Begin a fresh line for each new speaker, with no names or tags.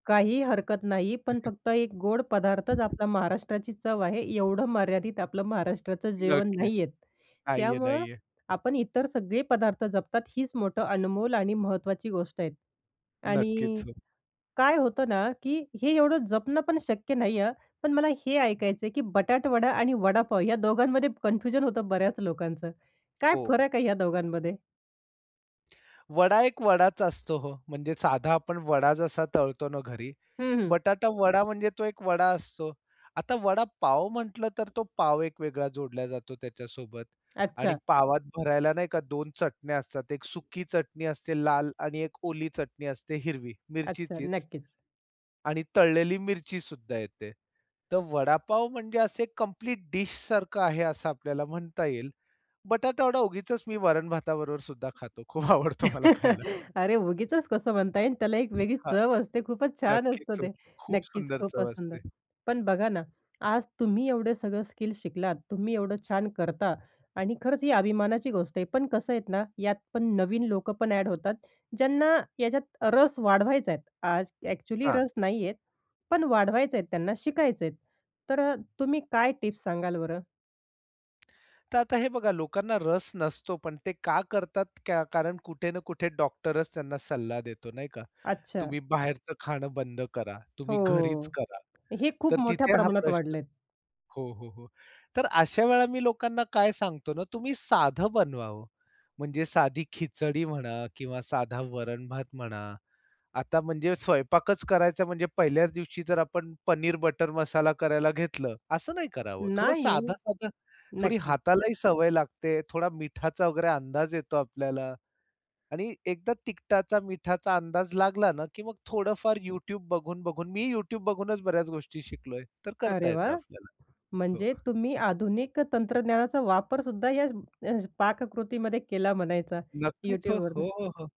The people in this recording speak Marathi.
काही हरकत नाही. पण फक्त एक गोड पदार्थच आपल्या महाराष्ट्राची चव आहे, एवढं मर्यादित आपलं महाराष्ट्राचं जेवण
नक्कीच.
नाहीयेत.
नाहीये,
त्यामुळं
नाहीये.
आपण इतर सगळे पदार्थ जपतात हीच मोठं अनमोल आणि महत्त्वाची गोष्ट आहे. आणि
नक्कीच, हो.
काय होतं ना, की हे एवढं जपणं पण शक्य नाही आहे हं, पण मला हे ऐकायचं आहे की बटाटावडा आणि वडापाव या दोघांमध्ये कन्फ्युजन होतं बऱ्याच लोकांचं. काय
हो.
फरक आहे या दोघांमध्ये?
वडा एक वडाचा असतो हो, म्हणजे साधा आपण वडा जसा तळतो ना घरी,
हं, हं.
बटाटा वडा म्हणजे तो एक वडा असतो. आता वडा पाव म्हंटलं तर तो पाव एक वेगळा जोडला जातो त्याच्यासोबत आणि
अच्छा.
पावात भरायला नाही का 2 चटण्या असतात. 1 सुकी चटणी असते, लाल आणि 1 ओली चटणी असते हिरवी
अच्छा,
मिरचीचीच.
नक्कीच.
आणि तळलेली मिरची सुद्धा येते. तर वडापाव म्हणजे असं एक कंप्लीट डिशसारखं आहे असं आपल्याला म्हणता येईल. बटाटावडा उगीचच मी वरण-भाताबरोबर सुद्धा खातो. खूप आवडतो मला खायला.
अरे, उगीचच कसं म्हणता येईल. त्याला एक वेगळीच
हां,
चव असते. खूपच छान असतं
नक्कीच हो.
ते.
खूप
नक्कीच
सुंदर
खूपच
चव
सुंदर,
असते.
पण बघा ना, आज तुम्ही एवढे सगळं स्किल शिकलात. तुम्ही एवढं छान करता आणि खरंच ही अभिमानाची गोष्ट आहे. पण कसं आहे ना, यात पण नवीन लोकं पण अ‍ॅड होतात ज्यांना याच्यात रस वाढवायचा आहे. आज अ‍ॅक्चुअली
हां.
रस नाही आहेत, पण वाढवायचे आहेत. त्यांना शिकायचं आहे, तर अ, तुम्ही काय टिप्स सांगाल बरं?
तर आता हे बघा लोकांना रस नसतो. पण ते का करतात का कारण कुठे ना कुठे डॉक्टरच त्यांना सल्ला देतो नाही का?
अच्छा.
तुम्ही बाहेरचं खाणं बंद करा, तुम्ही घरीच
हो.
करा.
हे खूप
तर
मोठ्या
तिथे हा
प्रमाणात
प्रश्न
वाढलेत.
हो, हो, हो. तर अशा वेळा मी लोकांना काय सांगतो ना, तुम्ही साधं बनवावं म्हणजे साधी खिचडी म्हणा किंवा साधा वरण-भात म्हणा. आता म्हणजे स्वयंपाकच करायचा म्हणजे पहिल्याच दिवशी जर आपण पनीर बटर मसाला करायला घेतलं, असं नाही करावं. थोडं
नाहीये.
साधं-साधं, थोडी
नक्कीच.
हातालाही सवय लागते. थोडा मिठाचा वगैरे अंदाज येतो आपल्याला आणि एकदा तिकटाचा, मिठाचा अंदाज लागला ना, की मग थोडंफार YouTube बघून-बघून मी YouTube बघूनच बऱ्याच गोष्टी शिकलोय, तर करता
अरे
येतं
वाह!
आपल्याला. हो.
म्हणजे तुम्ही आधुनिक तंत्रज्ञानाचा वापरसुद्धा या अ, पाककृतीमध्ये केला म्हणायचा
नक्कीच हो. हो,
YouTubeवरनं.
हो, हो.